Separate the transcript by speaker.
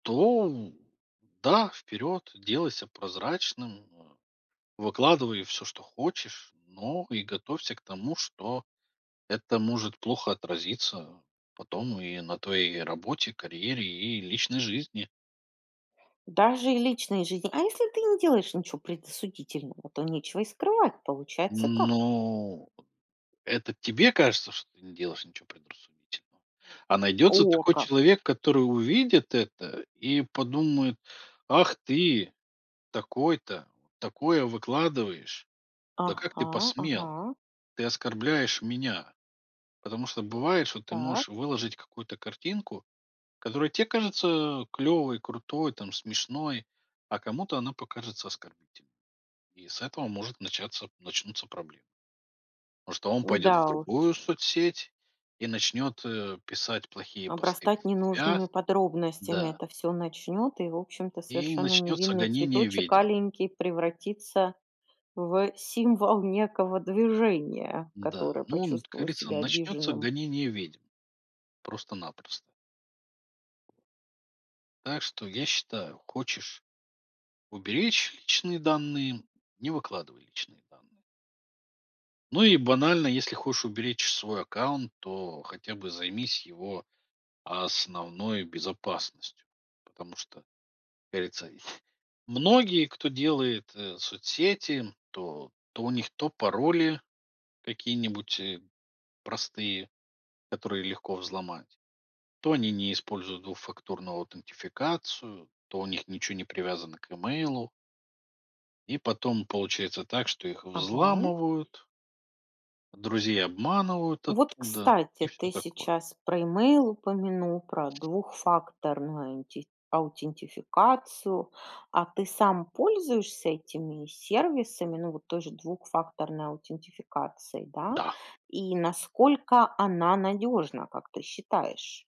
Speaker 1: То да, вперед, делайся прозрачным, э, выкладывай всё, что хочешь, но и готовься к тому, что это может плохо отразиться потом, и на твоей работе, карьере и личной жизни.
Speaker 2: Даже и личная жизнь А если ты не делаешь ничего предосудительного, то нечего и скрывать. Получается как?
Speaker 1: Ну, это тебе кажется, что ты не делаешь ничего предрассудительного, а найдется
Speaker 2: О
Speaker 1: такой
Speaker 2: как!
Speaker 1: человек, который увидит это, и подумает: "Ах ты, такой-то, вот такое выкладываешь, да как ты
Speaker 2: Ага,
Speaker 1: посмел?
Speaker 2: ага.
Speaker 1: Ты оскорбляешь меня." Потому что бывает, что ты можешь
Speaker 2: Так.
Speaker 1: выложить какую-то картинку, которая те кажется клёвой, крутой, там, смешной, а кому-то она покажется оскорбительной, и с этого может начаться начнутся проблемы. Потому что он пойдет в
Speaker 2: Да уж.
Speaker 1: другую соцсеть, и начнёт, э, писать плохие посты про
Speaker 2: Обрастать
Speaker 1: тебя,
Speaker 2: ненужными подробностями
Speaker 1: да
Speaker 2: это всё начнет, и, в общем-то,
Speaker 1: и
Speaker 2: совершенно
Speaker 1: начнется
Speaker 2: невинный
Speaker 1: гонение
Speaker 2: цветочек
Speaker 1: ведьм.
Speaker 2: аленький превратится в символ некого движения,
Speaker 1: Да,
Speaker 2: которое
Speaker 1: ну, как
Speaker 2: почувствовал
Speaker 1: говорится,
Speaker 2: себя
Speaker 1: начнется
Speaker 2: обиженным.
Speaker 1: гонение ведьм просто-напросто. Так что, я считаю, хочешь уберечь личные данные- не выкладывай личные данные. Ну, и банально, если хочешь уберечь свой аккаунт, то хотя бы займись его основной безопасностью. Потому что, как говорится, многие, кто делает соцсети, то то у них то пароли какие-нибудь, э, простые, которые легко взломать, то они не используют двухфакторную аутентификацию, то у них ничё не привязано к имейлу. И потом получается так, что их
Speaker 2: Ага.
Speaker 1: взламывают друзей обманывают
Speaker 2: Вот,
Speaker 1: оттуда,
Speaker 2: кстати,
Speaker 1: и всё
Speaker 2: ты
Speaker 1: такое.
Speaker 2: сейчас про имейл упомянул, про двухфакторную аутин аутентификацию. А ты сам пользуешься этими сервисами, ну, вот той же двухфакторной аутентификацией, да?
Speaker 1: Да.
Speaker 2: И насколько она надёжна, как ты считаешь?